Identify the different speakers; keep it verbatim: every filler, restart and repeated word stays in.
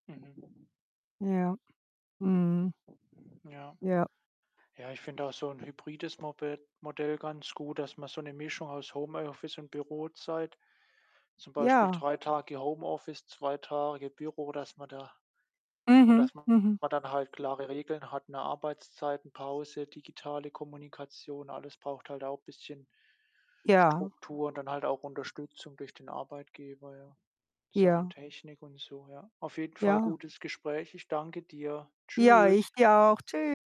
Speaker 1: Mhm.
Speaker 2: Ja. Mhm.
Speaker 1: Ja.
Speaker 2: Ja.
Speaker 1: Ja, ich finde auch so 'n hybrides Mobe Modell ganz gut, dass man so 'ne Mischung aus Homeoffice und Bürozeit, zum Beispiel
Speaker 2: Ja.
Speaker 1: drei Tage Homeoffice, zwei Tage Büro dass man da und
Speaker 2: Mhm,
Speaker 1: dass man
Speaker 2: mhm.
Speaker 1: dann halt klare Regeln hat, ne, Arbeitszeiten, Pause, digitale Kommunikation, alles braucht halt auch bisschen
Speaker 2: Ja.
Speaker 1: Struktur und dann halt auch Unterstützung durch den Arbeitgeber, ja, Sachen
Speaker 2: Ja.
Speaker 1: Technik und so, ja. Auf jeden Fall
Speaker 2: Ja.
Speaker 1: gutes Gespräch. Ich danke dir.
Speaker 2: Ja, ich
Speaker 1: Tschüss.
Speaker 2: dir auch. Tschü